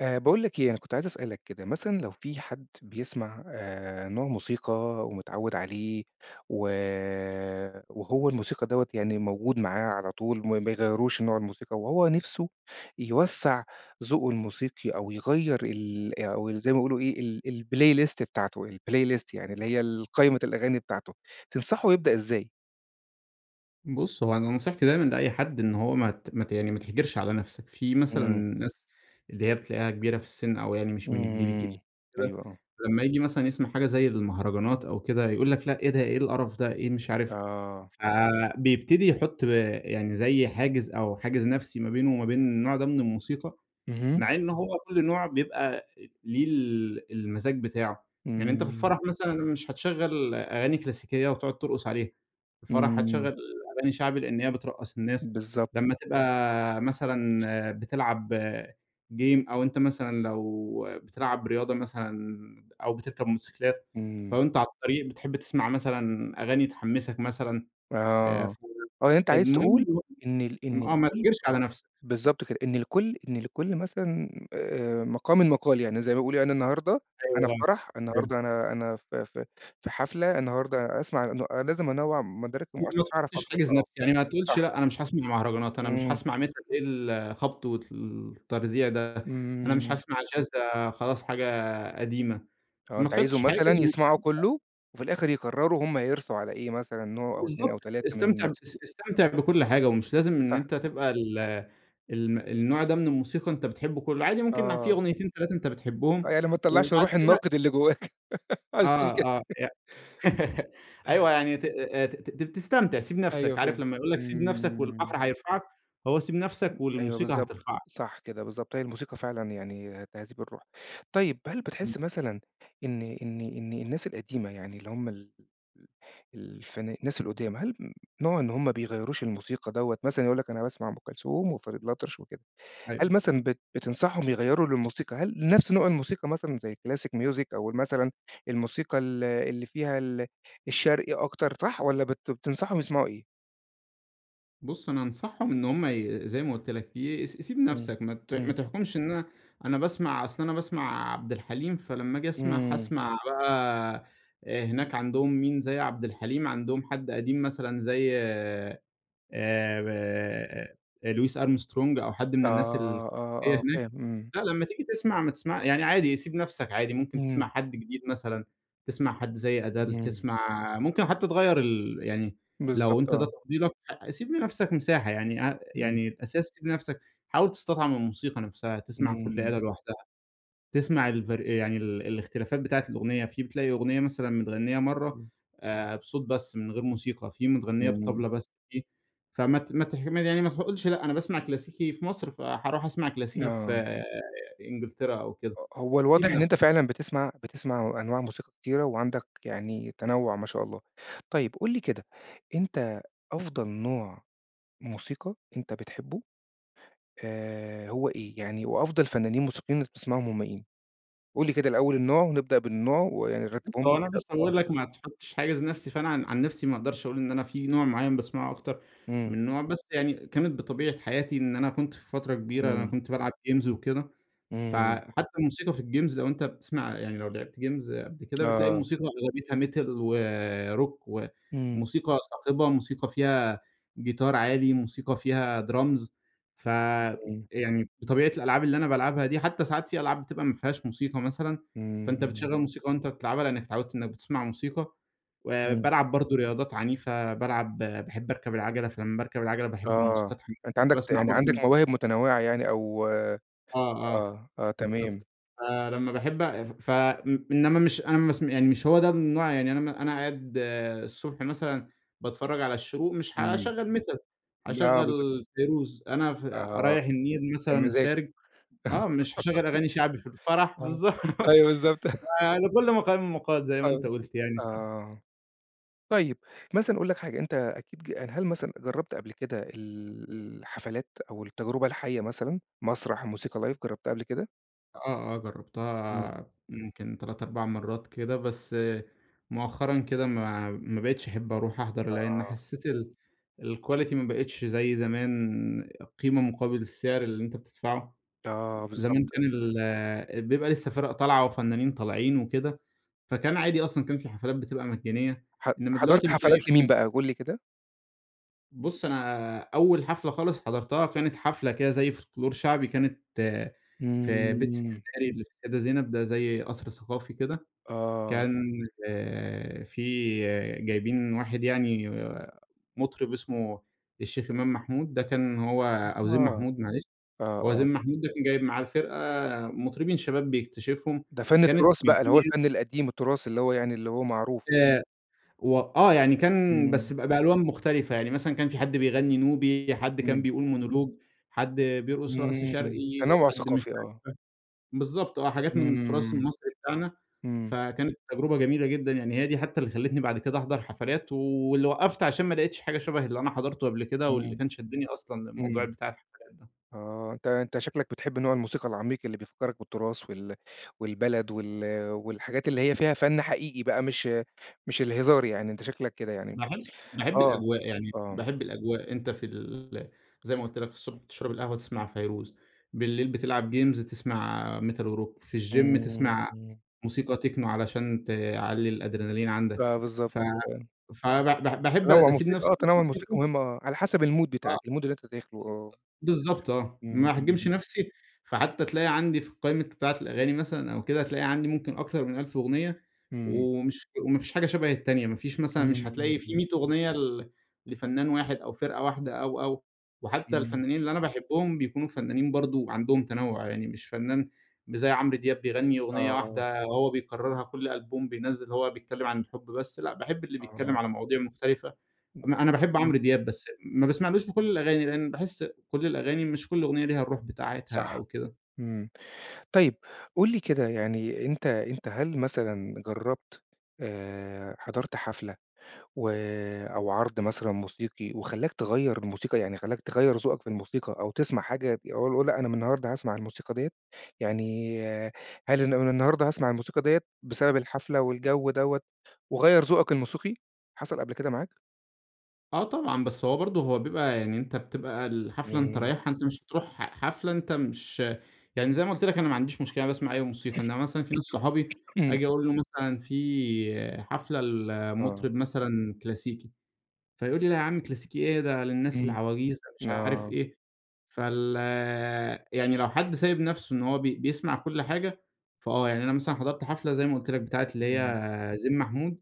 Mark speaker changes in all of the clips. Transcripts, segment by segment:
Speaker 1: آآ، باقول لك إيه؟ أنا كنت عايز أسألك كده، مثلًا لو في حد بيسمَع آآ، نوع موسيقى ومتعوِّد عليه، و وهو الموسيقى دوّة يعني موجود معاه على طول ما ما بيغيَّروش نوع الموسيقى وهو نِفْسُه يوسَّع ذوقه الموسيقي أو يغيَّر ال أو زي ما بيقولوا إيه ال الplaylist بتاعته الplaylist، يعني اللي هي ال قايمة الأغاني بتاعته، تنصحَه يبدَأ إزاي؟
Speaker 2: بُص، هو أنا نصيحتي دايمًا لأي حد إن هو ما مات يعني ما تحْجرش على نفسك. في مثلًا
Speaker 1: إمم.
Speaker 2: ناس اللي هي بتلاقِيها كِبيرة في السن أو يعني مش من الجيل الجديد
Speaker 1: إمم،
Speaker 2: كده،
Speaker 1: أيوه آه.
Speaker 2: لما ييجي مثلًا يسمَع حاجة زي المهرجانَات أو كده يقول لك: "لأ، إيه ده؟ إيه القرَف ده؟ إيه مش عارف؟"
Speaker 1: آه.
Speaker 2: فبيبتدي يحُط آآ، يعني زي حاجِز أو حاجِز نفسي ما بينه وما بين النوع ده من الموسيقى،
Speaker 1: اهم.
Speaker 2: مع إن هو كل نوع بيبقى ليه ال المَزاج بتاعه. يعني أنتَ في
Speaker 1: إمم.
Speaker 2: الفَرَح مثلًا مش هتشغَّل أغاني كلاسيكية وتقعُد ترقُص عليها، في الفَرَح
Speaker 1: إمم.
Speaker 2: هتشغَّل أغاني شعبِي لأن هي بترقَّص الناس.
Speaker 1: بالضبط.
Speaker 2: لما تبقى، مثلًا بتلعَب game، أو أنتَ مثلًا لو بتلعَب رياضة مثلًا أو بتركَب موتوسيكلات، ف
Speaker 1: إمم.
Speaker 2: وأنتَ على الطريق بتحِب تسمَع مثلًا أغاني تحمَّسك مثلًا. آآ
Speaker 1: آه،
Speaker 2: ف
Speaker 1: آه يعني أنتَ عايز تقول
Speaker 2: المهم
Speaker 1: إن ال
Speaker 2: [unintelligible]
Speaker 1: إن
Speaker 2: آه ما
Speaker 1: لكل
Speaker 2: تحْجرش على نفسك.
Speaker 1: بالضبط كده، إن لكل إن لكل مثلًا آآ، مَقامٍ مَقال، يعني زي ما بيقولوا يعني أنا النهاردة أنا في
Speaker 2: أيوه،
Speaker 1: فَرَح،
Speaker 2: فهمتك.
Speaker 1: النهاردة أنا أنا في في في حفلة، النهاردة أسمَع أن لازم أنوِّع مدارِك [unintelligible] عشان
Speaker 2: ما
Speaker 1: أعرف
Speaker 2: تحُطش
Speaker 1: أكتر.
Speaker 2: حاجز
Speaker 1: آه،
Speaker 2: نفسي، يعني ما تقولش:
Speaker 1: صح.
Speaker 2: "لأ أنا مش هاسمَع مهرجانات، أنا مش
Speaker 1: إمم.
Speaker 2: هاسمَع Metal إيه الخَبط والتَرزيع ده، أنا مش
Speaker 1: إمم.
Speaker 2: هاسمَع Jazz، ده خلاص حاجة قديمة."،
Speaker 1: آه
Speaker 2: ما
Speaker 1: أنتَ عايزهُم
Speaker 2: تحُطش
Speaker 1: مثلًا
Speaker 2: حاجز
Speaker 1: يسمَعوا
Speaker 2: واستمتع.
Speaker 1: كله، وفي الآخر يقرَّروا هُم هيرسُوا على إيه، مثلًا نوع أو 2 أو
Speaker 2: بالضبط،
Speaker 1: 3 من
Speaker 2: استمتع
Speaker 1: الموس
Speaker 2: اس استمتع بكل حاجة، ومش لازم إن
Speaker 1: صح.
Speaker 2: أنت تبقى ال الم النوع ده من الموسيقى أنت بتحِبه كله، عادي ممكن في
Speaker 1: آه.
Speaker 2: أغنيتين، 3 أنت
Speaker 1: آه
Speaker 2: بتحِبهم،
Speaker 1: يعني ما تطلَّعش
Speaker 2: وبعد
Speaker 1: روح
Speaker 2: كده
Speaker 1: الناقد اللي جوَّاك. عايز تقول
Speaker 2: آه
Speaker 1: كده.
Speaker 2: آه، ي أيوه، يعني ت ت ت ت تستمتِع، سِيب
Speaker 1: أيوه
Speaker 2: نفسك. عارِف
Speaker 1: فهمتك.
Speaker 2: لما يقول لك: "سِيب نفسك
Speaker 1: إمم.
Speaker 2: والبحر هيرفَعك"؟ هو سِيب نفسك
Speaker 1: [unintelligible] أيوه
Speaker 2: والموسيقى
Speaker 1: بالضبط،
Speaker 2: هترفَعك.
Speaker 1: صح كده، بالضبط. هي الموسيقى فعلًا يعني تهذيب الروح. طيب، هل
Speaker 2: إمم.
Speaker 1: بتحِس مثلًا إن إن إن الناس القديمة يعني اللي هُم ال ال الفنا الناس القُدام هل نوع إن هُم ما بيغيّروش الموسيقى دوّة، مثلًا يقول لك: "أنا باسمع أم كلثوم وفريد الأطرش وكده."، هل
Speaker 2: أيوه.
Speaker 1: مثلًا بت بتنصحهم يغيّروا للموسيقى هل نفس نوع الموسيقى مثلًا زي الclassic music أو ال مثلًا الموسيقى ال اللي فيها ال الشرقي أكتر، صح؟ والّا بت بتنصحهم يسمَعوا إيه؟
Speaker 2: بُصّ أنا أنصحهم إن هُم ي زي ما قُلت لك ي س سيب
Speaker 1: امم،
Speaker 2: نَفسك، ما ت
Speaker 1: امم.
Speaker 2: ما تحكمش إن أنا أنا باسمع أصل أنا باسمع عبد الحليم، فلمّا آجي أسمع
Speaker 1: امم.
Speaker 2: هاسمع بقى هناك عندهم مين زي عبد الحليم، عندهم حد قديم مثلًا زي آآ، ب louis Armstrong أو حد من الناس الكلاسيكية
Speaker 1: آه آه آه،
Speaker 2: هناك،
Speaker 1: فاهم، امم.
Speaker 2: لأ لمّا تيجي تسمع ما تسمع يعني عادي سيب نَفسك عادي، ممكن
Speaker 1: امم.
Speaker 2: تسمع حد جديد مثلًا، تسمع حد زي Adele
Speaker 1: امم.
Speaker 2: تسمع ممكن حتّى تغيّر ال يعني لو
Speaker 1: بالضبط
Speaker 2: أنت ده
Speaker 1: آه.
Speaker 2: تفضيلك ح سيب لنَفسك مساحة يعني أ
Speaker 1: امم.
Speaker 2: يعني اس سيب نَفسك، حاول تستطعم الموسيقى نَفسها، تسمع كُلّ
Speaker 1: امم.
Speaker 2: آلة لوحدها، تسمع الفر يعني ال الاختلافات بتاعة الأغنية، في بتلاقي أغنية مثلًا متغنّية مَرّة
Speaker 1: امم.
Speaker 2: آآ، بصوت بس من غير موسيقى، في متغنّية
Speaker 1: امم.
Speaker 2: بالطبلة بس في فمت مت ه يعني ما ما تقولش لأ أنا باسمع كلاسيكي في مصر فهاروح أسمع كلاسيكي في
Speaker 1: آه.
Speaker 2: إنجلترا أو كده،
Speaker 1: ه هو
Speaker 2: سيب
Speaker 1: الواضح إن
Speaker 2: نَفسك.
Speaker 1: أنت فعلًا بتسمع بتسمع أنواع موسيقى كتيرة، وعندك يعني تنوُّع ما شاء الله. طيب قُل لي كده، أنت أفضل نوع موسيقى أنت بتحبه آآ، هو إيه؟ يعني وأفضل فنانين موسيقيين بتسمعهم هم مين؟ قُل لي كده الأول النوع ونبدأ بالنوع ويعني
Speaker 2: بُصّ
Speaker 1: ترتبهم
Speaker 2: هو
Speaker 1: لي
Speaker 2: أنا مش
Speaker 1: كده، آه.
Speaker 2: هاقول لك ما تحطش حاجز نَفسي، فأنا عن عن نَفسي ما اقدرش أقول إن أنا في نوع معيّن باسمعه أكتر
Speaker 1: امم.
Speaker 2: من نوع، بس يعني كانت بطبيعة حياتي إن أنا كنت في فترة كبيرة أنا
Speaker 1: امم.
Speaker 2: كنت بالعب games وكده،
Speaker 1: امم.
Speaker 2: فحتى الموسيقى في الgames لو أنت بتسمع يعني لو لعبت games قبل كده، بتلاقي
Speaker 1: آه.
Speaker 2: الموسيقى أغلبيتها metal وrock
Speaker 1: امم.
Speaker 2: وموسيقى صاخبة، موسيقى فيها جيتار عادي، موسيقى فيها drums
Speaker 1: امم.
Speaker 2: فيعني بطبيعة الألعاب اللي أنا بالعبها دي حتى ساعات في ألعاب بتبقى ما فيهاش موسيقى مثلًا، فأنت
Speaker 1: امم.
Speaker 2: بتشغل موسيقى وأنت بتلعبها لأنك اتعودت إنّك بتسمع موسيقى، آآ،
Speaker 1: امم.
Speaker 2: بالعب برضو رياضات عنيفة، بالعب باحب أركب العجلة، فلمّا باركب العجلة باحب
Speaker 1: آه.
Speaker 2: موسيقى تحمسني،
Speaker 1: أنت عندك ت
Speaker 2: باسمع
Speaker 1: يعني عندك
Speaker 2: برضو
Speaker 1: مواهب متنوعة يعني أو
Speaker 2: آه آه،
Speaker 1: آه، آه،
Speaker 2: بالضبط،
Speaker 1: تمام.
Speaker 2: فلمّا باحبّ ف ف إنّما مش أنا مس يعني مش هو ده النوع يعني أنا أنا قاعد الصبح مثلًا باتفرّج على الشروق مش
Speaker 1: امم،
Speaker 2: هاشغل metal،
Speaker 1: آه
Speaker 2: هاشغل
Speaker 1: بالضبط.
Speaker 2: فيروز، أنا ف
Speaker 1: آه،
Speaker 2: رايح النيل
Speaker 1: يا
Speaker 2: مثلًا
Speaker 1: مزاجه.
Speaker 2: خارج آه، مش هاشغل أغاني شعبي في الفرح بالضبط،
Speaker 1: آه، أيوه بالضبط.
Speaker 2: فلكُلّ مقام مقال زي
Speaker 1: آه
Speaker 2: ما أنت
Speaker 1: بالض
Speaker 2: قُلت يعني ف
Speaker 1: آه، طيّب مثلًا أقول لك حاجة، أنت أكيد ج هل مثلًا جرّبت قبل كده ال الحفلات أو التجربة الحية مثلًا، مسرح، موسيقى لايڤ جربتها قبل كده؟
Speaker 2: آه، آه.
Speaker 1: إمم.
Speaker 2: جرّبتها يمكن 3، 4 مرّات كده بس مؤخرًا كده ما ما بقيتش أحب أروح أحضر، لإن
Speaker 1: آه.
Speaker 2: حسّيت ال الquality ما بقيتش زي زمان القيمة مقابل السعر اللي أنت بتدفعه.
Speaker 1: آه
Speaker 2: زمان
Speaker 1: بالضبط.
Speaker 2: كان ال بيبقي لسّه فِرَق طالعة وفنانين طالعين وكده، فكان عادي أصلًا، وكان في حفلات بتبقى مجانية،
Speaker 1: ح
Speaker 2: إنّما
Speaker 1: حضرت
Speaker 2: دلوقتي بتلاقي
Speaker 1: حفلات لمين
Speaker 2: ف
Speaker 1: بقى قُل لي كده؟
Speaker 2: بُص، أنا أول حفلة خالص حضرتها، كانت حفلة كده زي فولكلور شعبي كانت في بيت
Speaker 1: إمم.
Speaker 2: السيناري اللي في السيدة زينب ده زي قَصْر ثقافي كده.
Speaker 1: آه.
Speaker 2: كان آآ في جايبين واحد يعني مُطرب اسمه الشيخ إمام محمود ده كان هو أو
Speaker 1: [unintelligible]
Speaker 2: زين
Speaker 1: آه،
Speaker 2: محمود معلش. هو
Speaker 1: آه.
Speaker 2: زين محمود ده كان جايب معاه الفرقة مُطربين شباب بيكتشفهم
Speaker 1: ده فَن
Speaker 2: كانت
Speaker 1: التُراث بقى اللي هو
Speaker 2: [unintelligible]
Speaker 1: الفَن القديم التُراث اللي هو يعني اللي هو معروف.
Speaker 2: آآ و آه. يعني كان
Speaker 1: إمم.
Speaker 2: بس ب بألوان مختلفة. يعني مثلًا كان في حد بيغنّي نوبي، حد كان
Speaker 1: إمم.
Speaker 2: بيقول مونولوج، حد بيرقص رقص شرقي،
Speaker 1: إمم. تنوع
Speaker 2: حد مش
Speaker 1: ثقافي
Speaker 2: عارف
Speaker 1: آه.
Speaker 2: بالضبط آه، حاجات من التُراث
Speaker 1: إمم.
Speaker 2: المصري بتاعنا.
Speaker 1: إمم.
Speaker 2: فكانت تجربة جميلة جدًا. يعني هي ده حتّى اللي خلّتني بعد كده أحضر حفلات واللي وقّفت عشان ما لقيتش حاجة شبه اللي أنا حضرته قبل كده، واللي
Speaker 1: إمم.
Speaker 2: كان شدّني أصلاً للموضوع
Speaker 1: إمم.
Speaker 2: بتاع الحفلات ده.
Speaker 1: آه. أنت أنت شكلك بتحب نوع الموسيقى العَميق اللي بيفكّرك بالتُراث وال والبلد وال والحاجات اللي هي فيها فَن حقيقي بقى مش مش الهزار يعني أنت شكلك كده يعني.
Speaker 2: باحب باحب
Speaker 1: آه.
Speaker 2: الأجواء، يعني
Speaker 1: آه.
Speaker 2: باحب الأجواء. أنت في ال زي ما قُلت لك الصبح تشرب القهوة، تسمع فيروز. بالليل بتلعب جيمز، تسمع metal وrock. في الgym،
Speaker 1: إمم،
Speaker 2: تسمع
Speaker 1: إمم.
Speaker 2: موسيقى techno علشان تعلّي الأدرينالين عندك.
Speaker 1: فبالضبط
Speaker 2: ف
Speaker 1: كده يعني.
Speaker 2: فب ب باحب
Speaker 1: تنوّع
Speaker 2: أسيب
Speaker 1: موسيقى
Speaker 2: نفسي
Speaker 1: آه تنوّع الموسيقى
Speaker 2: للموسيقى.
Speaker 1: مهم آه، على حسب المود
Speaker 2: آه.
Speaker 1: بتاعك. المود اللي أنت داخله آه.
Speaker 2: بالضبط، بالضبط آه.
Speaker 1: إمم،
Speaker 2: ما أحجمش
Speaker 1: إمم.
Speaker 2: نفسي، فحتّى تلاقي عندي في القايمة بتاعة الأغاني مثلًا أو كده، هتلاقي عندي ممكن أكتر من 1000 أغنية،
Speaker 1: إمم.
Speaker 2: ومش وما فيش حاجة شبه التانية. ما فيش مثلًا
Speaker 1: إمم،
Speaker 2: مش
Speaker 1: إمم،
Speaker 2: هتلاقي في
Speaker 1: إمم.
Speaker 2: 100 أغنية ل لفنان واحد أو فرقة واحدة أو، أو. وحتّى
Speaker 1: إمم.
Speaker 2: الفنّانين اللي أنا باحبهم بيكونوا فنّانين برضه عندهم تنوّع. يعني مش فنّان مش زي عمرو دياب بيغنّي
Speaker 1: آه،
Speaker 2: أغنية
Speaker 1: آه.
Speaker 2: واحدة وهو بيكرّرها كل ألبوم بينزّل هو بيتكلّم عن الحب بس لأ، باحب اللي بيتكلّم
Speaker 1: آه.
Speaker 2: على مواضيع مختلفة. أنا أنا باحب عمرو دياب، بس ما باسمعلوش في كل الأغاني لإن باحس كل الأغاني مش كل أغنية ليها الروح بتاعتها
Speaker 1: صح.
Speaker 2: أو كده.
Speaker 1: إمم. طيب، قُل لي كده يعني أنت أنت هل مثلًا جرّبت آآ حضرت حفلة و أو عرض مثلًا موسيقي وخلّاك تغيّر الموسيقى، يعني خلّاك تغيّر ذوقك في الموسيقى أو تسمع حاجة أ أقول لأ أنا من النهاردة هاسمع الموسيقى ديّة؟ يعني هل ن من النهاردة هاسمع الموسيقى ديّة بسبب الحفلة والجو دوّة، وغيّر ذوقك الموسيقي؟ حصل قبل كده معاك؟
Speaker 2: آه طبعًا، بس هو برضو هو بيبقى يعني أنت بتبقى الحفلة أنت
Speaker 1: امم.
Speaker 2: رايحها، أنت مش تروح حفلة أنت مش يعني زي ما قُلت لك أنا ما عنديش مشكلة، أنا باسمع أي موسيقى، إنما مثلًا في ناس صحابي
Speaker 1: امم.
Speaker 2: آجي أقول له مثلًا في حفلة
Speaker 1: آه.
Speaker 2: لمطرب مثلًا كلاسيكي، فيقول لي لأ يا عم كلاسيكي إيه؟ ده للناس
Speaker 1: امم،
Speaker 2: العواجيز، ده مش عارف
Speaker 1: آه.
Speaker 2: إيه، فال يعني لو حد سايب نَفسه إن هو بي بيسمع كُلّ حاجة، فآه يعني أنا مثلًا حضرت حفلة زي ما قولت لك، بتاعة اللي
Speaker 1: امم.
Speaker 2: هي زين محمود،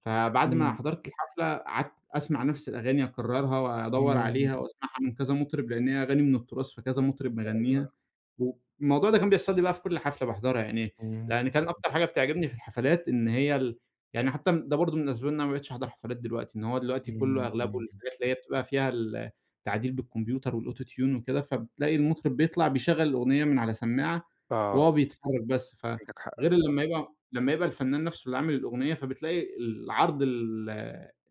Speaker 2: فبعد ما
Speaker 1: امم.
Speaker 2: حضرت الحفلة، قعدت أسمع نَفس الأغاني، أكرّرها، وادّور
Speaker 1: امم.
Speaker 2: عليها، وأسمعها من كذا مطرب، لأن هي أغاني من التراث، فكذا مطرب مغنّيها،
Speaker 1: أيوه.
Speaker 2: والموضوع ده كان بيحصل لي بقى في كُلّ حفلة باحضرها يعني،
Speaker 1: امم.
Speaker 2: لأن كان
Speaker 1: [unintelligible]
Speaker 2: أكتر حاجة بتعجبني في الحفلات إن هي ال يعني حتى ده برضو من الأسباب إن أنا ما بقيتش أحضر حفلات دلوقتي، إن هو دلوقتي كلّه
Speaker 1: امم،
Speaker 2: أغلبه
Speaker 1: امم.
Speaker 2: الحاجات اللي هي بتبقى فيها ال التعديل بالكمبيوتر، والAuto Tune وكده، فبتلاقي المطرب بيطلع، بيشغّل الأغنية من على سماعة
Speaker 1: آه.
Speaker 2: وهو بيتحرك بس، ف
Speaker 1: عندك حق.
Speaker 2: غير
Speaker 1: [unintelligible]
Speaker 2: لمّا يبقى لمّا يبقى الفنان نَفسه اللي عامل الأغنية، فبتلاقي العرض ال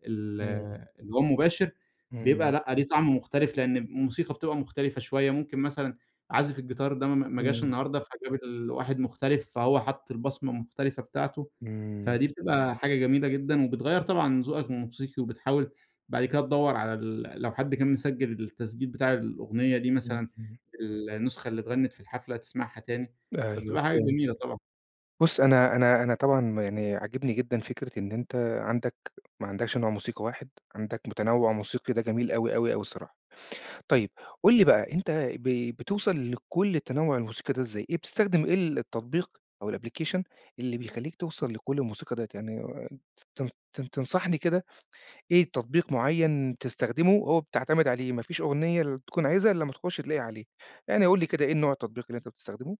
Speaker 2: ال
Speaker 1: امم.
Speaker 2: اللي هو المباشر، بيبقى
Speaker 1: امم.
Speaker 2: لأ ليه طعم مختلف، لأن الموسيقى بتبقى مختلفة شوية، ممكن مثلًا عازف الجيتار ده ما ما جاش
Speaker 1: امم.
Speaker 2: النهاردة، فجاب ال واحد مختلف، فهو حطّ البصمة المختلفة بتاعته،
Speaker 1: امم.
Speaker 2: فدي بتبقى حاجة جميلة جدًا، وبتغيّر طبعًا من ذوقك الموسيقي، وبتحاول بعد كده تدوّر على ال لو حد كان مسجِّل التسجيل بتاع الأغنية دي
Speaker 1: امم،
Speaker 2: مثلًا
Speaker 1: امم.
Speaker 2: النسخة اللي اتغنّت في الحفلة، تسمعها تاني
Speaker 1: أيوه
Speaker 2: فبتبقى حاجة
Speaker 1: فهمتك،
Speaker 2: جميلة طبعًا.
Speaker 1: بُصّ أنا أنا أنا طبعًا يعني عاجبني جدًا فكرة إن أنت عندك ما عندكش نوع موسيقى واحد، عندك متنوّع موسيقي، ده جميل أوي أوي أوي الصراحة. طيب قُل لي بقى، أنت ب بتوصل لكُلّ التنوّع الموسيقي ده إزاي، إيه بتستخدم إيه التطبيق، أو الأبليكيشن اللي بيخلّيك توصل لكُلّ الموسيقى ديّة؟ يعني تن تن تنصحني كده، إيه التطبيق معيّن تستخدمه، هو بتعتمد عليه، ما فيش أغنية ال تكون عايزها إلا امّا تخش تلاقيها عليه، يعني قُل لي كده، إيه نوع التطبيق اللي أنت بتستخدمه؟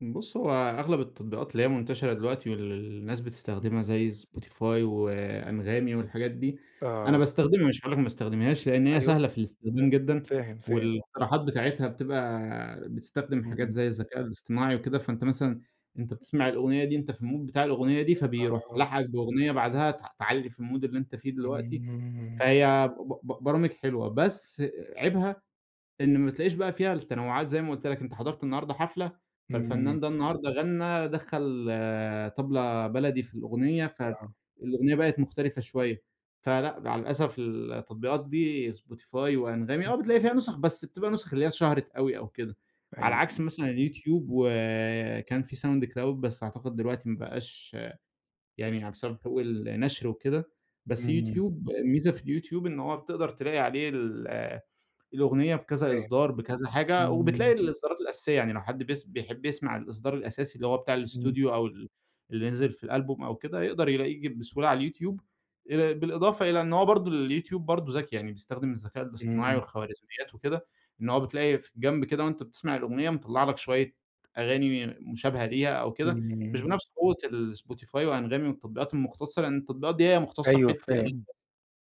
Speaker 2: بُص، هو أغلب التطبيقات اللي هي منتشرة دلوقتي واللي الناس
Speaker 1: اهم.
Speaker 2: بتستخدمها، زي Spotify وAnghami والحاجات دي، أنا
Speaker 1: آه.
Speaker 2: باستخدمها، مش هاقول لك ما باستخدمهاش، لأن هي
Speaker 1: أيوه.
Speaker 2: سهلة في الاستخدام جدًا،
Speaker 1: فاهم فاهم، آه.
Speaker 2: والاقتراحات بتاعتها بتبقى بتستخدم حاجات
Speaker 1: إمم.
Speaker 2: زي الذكاء الاصطناعي وكده. فأنت مثلًا أنت بتسمَع الأغنية دي أنت في الMood بتاع الأغنية دي، فبيروح
Speaker 1: آه.
Speaker 2: لاحقك بأغنية بعدها ت تعلّي في الMood اللي أنت فيه دلوقتي.
Speaker 1: إمم.
Speaker 2: فهي ب ب برامج حلوة، بس عيبها إن ما تلاقيش بقى فيها التنوعات زي ما قُلت لك. أنت حضرت النهاردة حفلة
Speaker 1: إمم.
Speaker 2: فالفنان ده النهاردة غنّى، دخّل طبلة بلدي في الأغنية،
Speaker 1: آه.
Speaker 2: فالأغنية بقت مختلفة شوية. فلأ مع الأسف التطبيقات دي Spotify وAnghami آه بتلاقي فيها نسخ، بس بتبقى نسخ اللي هي اتشهرت أوي أو كده. على عكس
Speaker 1: أيوه.
Speaker 2: مثلًا الYouTube، وآآ، كان في Soundcloud بس أعتقد دلوقتي ما بقاش يعني بسبب حقوق النشر وكده. بس
Speaker 1: إمم.
Speaker 2: YouTube، الميزة في الYouTube إن هو بتقدر تلاقي عليه ال الأغنية بكذا
Speaker 1: فاهم.
Speaker 2: إصدار، بكذا حاجة، وبتلاقي
Speaker 1: إمم.
Speaker 2: الإصدارات الأساسية. يعني لو حد بيس بيحب يسمع الإصدار الأساسي، اللي هو بتاع
Speaker 1: إمم.
Speaker 2: الأستوديو أو ال اللي نزل في الألبوم أو كده، يقدَر يلاقيه ج بسهولة على الYouTube. آآ، بالإضافة إلى إن هو برضه الYouTube برضه ذكي يعني بيستخدم الذكاء الاصطناعي
Speaker 1: إمم.
Speaker 2: والخوارزميات وكده، إن هو بتلاقي في الجنب كده وأنت بتسمَع الأغنية مطلع لك شوية أغاني مشابهة ليها أو كده. مش
Speaker 1: إمم.
Speaker 2: بنفس قوة الSpotify وAnghami والتطبيقات المختصة، لأن التطبيقات دي هي مختصة في
Speaker 1: أيوه
Speaker 2: حتة الأغاني
Speaker 1: فاهم.
Speaker 2: بس.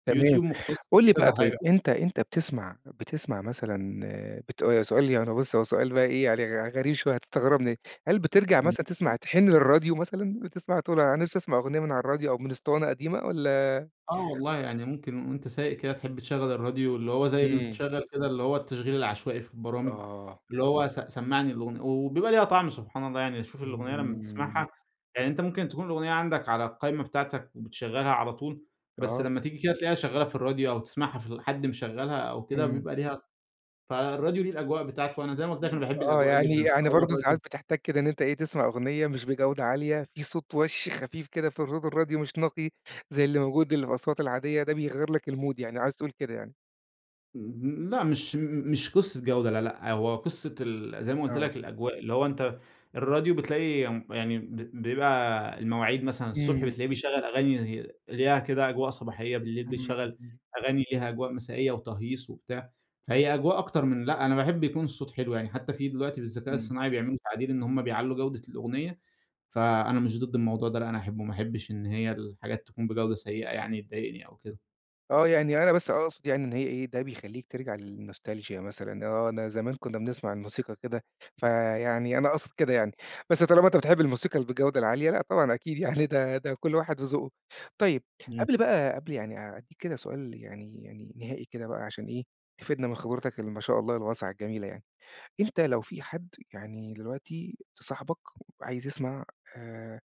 Speaker 1: تمام،
Speaker 2: Youtube مختص
Speaker 1: قل لي
Speaker 2: في
Speaker 1: بقى
Speaker 2: كذا
Speaker 1: طيب
Speaker 2: حاجة.
Speaker 1: أنت أنت بتسمع بتسمع مثلًا بت سؤال يعني بُص هو سؤال بقي إيه عل غريب شوية هتستغربني. هل بترجع
Speaker 2: إمم.
Speaker 1: مثلًا تسمع
Speaker 2: اهم.
Speaker 1: تحن للراديو مثلًا؟ بتسمع تقول أنا نفسي أسمع أغنية من على الراديو أو من اسطوانة قديمة والا؟
Speaker 2: آه والله يعني ممكن وأنت سايق كده تحِب تشغل الراديو، اللي هو زي ما
Speaker 1: إمم.
Speaker 2: بتشغل كده اللي هو التشغيل العشوائي في البرامج،
Speaker 1: آه.
Speaker 2: اللي هو س سمعني الأغنية، وبيبقى ليها طعم سبحان الله. يعني شُوف الأغنية لما
Speaker 1: إمم.
Speaker 2: تسَمعها، يعني أنت ممكن تكون الأغنية عندك على القايمة بتاعتك وبتشغلها على طول، بس
Speaker 1: آه.
Speaker 2: لما تيجي كده تلقيها شغّالة في الراديو أو تسمَعها في ال حد مشغّلها أو كده
Speaker 1: إمم.
Speaker 2: بيبقى ليها فالراديو ليه الأجواء بتاعته، وأنا زي ما قلت لك أنا
Speaker 1: إمم،
Speaker 2: باحب
Speaker 1: آه
Speaker 2: الأجواء
Speaker 1: يعني
Speaker 2: جدًا،
Speaker 1: يعني
Speaker 2: فهو
Speaker 1: برضه ساعات
Speaker 2: الراديو
Speaker 1: بتحتاج كده إن أنت إيه تسمع أغنية مش بجودة عالية في صوت وَش خفيف كده في الرود الراديو مش نقي. زي اللي موجود اللي في الأصوات العادية ده بيغيّر لك المود يعني عايز تقول كده يعني؟
Speaker 2: امم، لأ مش م مش قصة جودة لأ لأ، هو قصة ال زي ما قُلت
Speaker 1: آه.
Speaker 2: لك الأجواء، اللي هو أنت الراديو بتلاقي م يعني ب بيبقى المواعيد مثلًا الصبح
Speaker 1: امم.
Speaker 2: بتلاقيه بيشغّل أغاني هي ليها كده أجواء صباحية، بالليل بيشغّل
Speaker 1: امم.
Speaker 2: أغاني ليها أجواء مسائية وتهييص وبتاع، فهي أجواء أكتر من لأ، أنا باحب يكون الصوت حلو، يعني حتى في دلوقتي بالذكاء
Speaker 1: امم.
Speaker 2: الصناعي بيعملوا تعديل إن هُم بيعلّوا جودة الأغنية، فأنا مش ضد الموضوع ده لأ، أنا أحبه ما احبِّش إن هي الحاجات تكون بجودة سيئة يعني تضايقني أو كده.
Speaker 1: آه يعني أنا بس أقصد يعني إن هي إيه، ده بيخلّيك ترجع للنوستالچيا مثلًا، آه أنا زمان كنّا بنسمع الموسيقى كده، فيعني أنا أقصد كده يعني، بس طالما أنت بتحب الموسيقى ال بالجودة العالية لأ طبعًا أكيد يعني ده ده كُلّ واحد وذوقه، طيّب
Speaker 2: امم.
Speaker 1: قبل بقى قبل يعني أ أدّيك كده سؤال يعني يعني نهائي كده بقى عشان إيه، تفيدنا من خبرتك اللي ما شاء الله الواسعة الجميلة يعني، أنت لو في حد يعني دلوقتي ت صاحبك عايز يسمع آآ،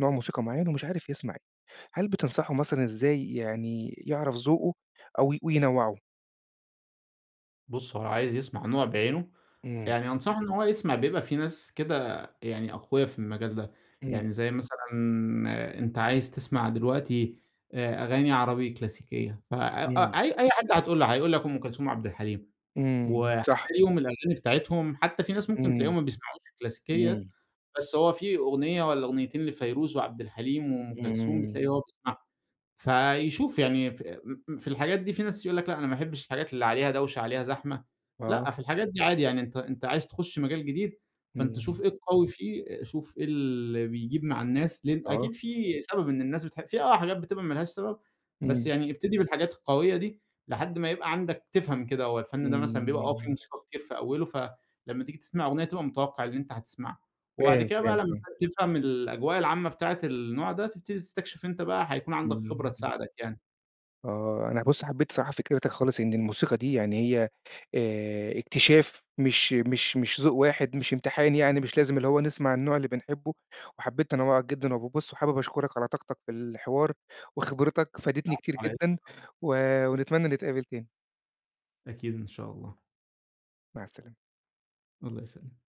Speaker 1: نوع موسيقى معيّن ومش عارف يسمع إيه، هل بتنصحه مثلًا إزاي يعني يعرف ذوقه أو وينوّعه؟
Speaker 2: بُصّ هو لو عايز يسمع نوع بعينه
Speaker 1: امم.
Speaker 2: يعني أنصحه إن هو يسمع، بيبقى في ناس كده يعني أقويا في المجال ده،
Speaker 1: امم.
Speaker 2: يعني زي مثلًا أنت عايز تسمع دلوقتي آآ، أغاني عربي كلاسيكية، فأ أ
Speaker 1: امم.
Speaker 2: أي حد هتقول له هيقول لك أم كلثوم وعبد الحليم،
Speaker 1: امم، صح.
Speaker 2: وهتلاقيهم الأغاني بتاعتهم حتى في ناس ممكن
Speaker 1: امم،
Speaker 2: تلاقيهم ما بيسمعوش الكلاسيكية،
Speaker 1: امم.
Speaker 2: بس هو في أغنية والّا أغنيتين لفيروز وعبد الحليم وأم كلثوم
Speaker 1: امم.
Speaker 2: بتلاقي هو بيسمعهم، فيشوف يعني ف م م في الحاجات دي في ناس يقول لك لأ أنا ما احبِّش الحاجات اللي عليها دوشة عليها زحمة، لأ
Speaker 1: آه.
Speaker 2: في الحاجات دي عادي يعني أنت أنت عايز تخش مجال جديد فأنت شوف
Speaker 1: امم.
Speaker 2: إيه القوي فيه، شوف إيه اللي بيجيب مع الناس، لأن
Speaker 1: آه.
Speaker 2: أكيد في سبب إن الناس بتحب في آه حاجات بتبقى ما لهاش سبب، بس
Speaker 1: امم.
Speaker 2: يعني ابتدي بالحاجات القوية دي لحد ما يبقى عندك تفهم كده هو الفن ده مثلًا بيبقى آه فيه
Speaker 1: امم.
Speaker 2: موسيقى كتير في أوله فلمّا تيجي تسمع أغنية تبقى متوقِّع اللي أنت هتسمعه، وبعد
Speaker 1: فاهم،
Speaker 2: كده بقى
Speaker 1: فاهم،
Speaker 2: لمّا
Speaker 1: فاهم.
Speaker 2: تفهم الأجواء العامة بتاعة النوع ده تبتدي تستكشف أنت بقى هيكون عندك خبرة
Speaker 1: امم.
Speaker 2: تساعدك يعني.
Speaker 1: آه، أنا بُصّ حبيت الصراحة فكرتك خالص إن الموسيقى دي يعني هي آآ، اكتشاف مش مش مش ذوق واحد، مش امتحان يعني، مش لازم اللي هو نسمع النوع اللي بنحبه، وحبيت تنوُّعك جدًا وب بُصّ، وحابب أشكرك على طاقتك في الحوار وخبرتك فادتني
Speaker 2: العفو
Speaker 1: كتير
Speaker 2: على إيه
Speaker 1: جدًا،
Speaker 2: [unintelligible]
Speaker 1: و ونتمنى نتقابل تاني.
Speaker 2: أكيد إن شاء الله.
Speaker 1: مع السلامة.
Speaker 2: الله يسلمك.